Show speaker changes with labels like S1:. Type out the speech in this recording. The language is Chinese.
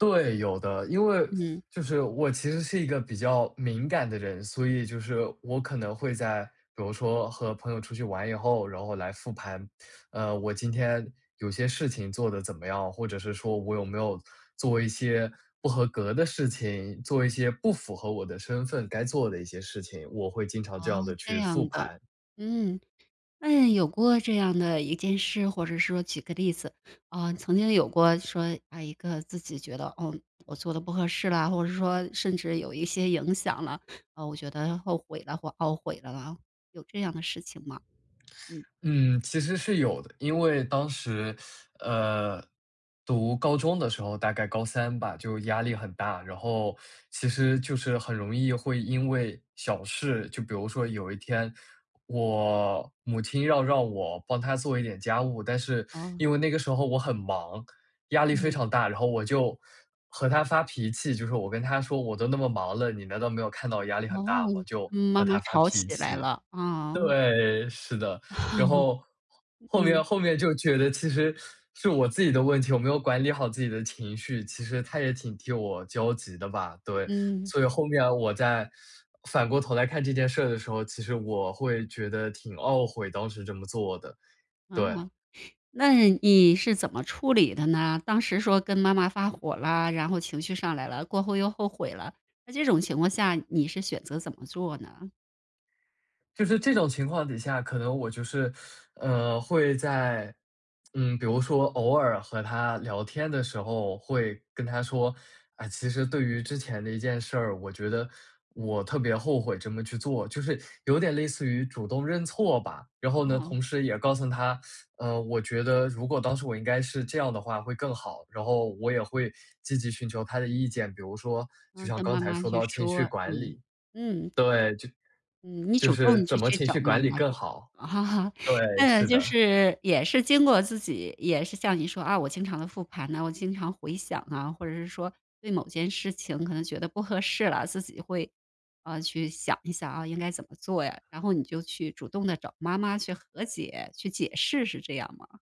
S1: 对，有的。因为，
S2: 嗯。
S1: 就是我其实是一个比较敏感的人，所以就是我可能会在比如说和朋友出去玩以后，然后来复盘。呃，我今天有些事情做得怎么样，或者是说我有没有做一些不合格的事情，做一些不符合我的身份该做的一些事情，我会经常这
S2: 哦，
S1: 样地
S2: 这
S1: 去复
S2: 样的，
S1: 盘。
S2: 嗯，那有过这样的一件事或者说举个例子。啊，曾经有过说，啊，一个自己觉得，哦，我做得不合适了，或者说甚至有一些影响了，啊，我觉得后悔了或懊悔了啊，有这样的事情吗？嗯。
S1: 嗯，其实是有的。因为当时，呃，读高中的时候，大概高3吧，就压力很大。然后其实就是很容易会因为小事就比如说有一天我母亲要让我帮她做一点家务，但是
S2: 哦。
S1: 因为那个时候我很忙，压力非
S2: 嗯。
S1: 常大，然后我就和她发脾气，就是我跟她说我都那么忙了，你难道没有看到我压力很
S2: 哦，
S1: 大吗？就
S2: 妈
S1: 和
S2: 妈
S1: 她发
S2: 吵
S1: 脾
S2: 起来
S1: 气。
S2: 了，啊。
S1: 对，是的，然后，后面
S2: 嗯。
S1: 后面就觉得其实是我自己的问题，我没有管理好自己的情绪，其实她也挺替我焦急的吧，对。
S2: 嗯。
S1: 所以后面我再反过头来看这件事儿的时候，其实我会觉得挺懊悔，当时这么做的，
S2: 啊。
S1: 对。
S2: 那你是怎么处理的呢？当时说跟妈妈发火啦，然后情绪上来了，过后又后悔了。那这种情况下你是选择怎么做呢？
S1: 就是这种情况底下，可能我就是，呃，会在，嗯，比如说偶尔和她聊天的时候，会跟她说，啊，其实对于之前的一件事儿，我觉得我特别后悔这么去做。就是有点类似于主动认错吧，然后呢，
S2: 啊。
S1: 同时也告诉她，呃，我觉得如果当时我应该是这样的话会更好，然后我也会积极寻求她的意见，比如说就
S2: 啊，
S1: 像
S2: 跟
S1: 刚
S2: 妈
S1: 才
S2: 妈
S1: 说
S2: 去
S1: 到情
S2: 说，
S1: 绪管
S2: 嗯，
S1: 理。
S2: 嗯。
S1: 对，就
S2: 嗯，你
S1: 就
S2: 主
S1: 是
S2: 动去
S1: 怎么
S2: 去
S1: 情
S2: 找
S1: 绪
S2: 妈
S1: 管理
S2: 妈
S1: 更
S2: 说。
S1: 好。
S2: 啊，
S1: 对，
S2: 嗯，
S1: 是
S2: 就
S1: 的。
S2: 是也是经过自己也是像你说啊，我经常地复盘啊，我经常回想啊，或者是说对某件事情可能觉得不合适了，自己会，啊，去想一想啊，应该怎么做呀，然后你就去主动地找妈妈去和解、去解释是这样吗？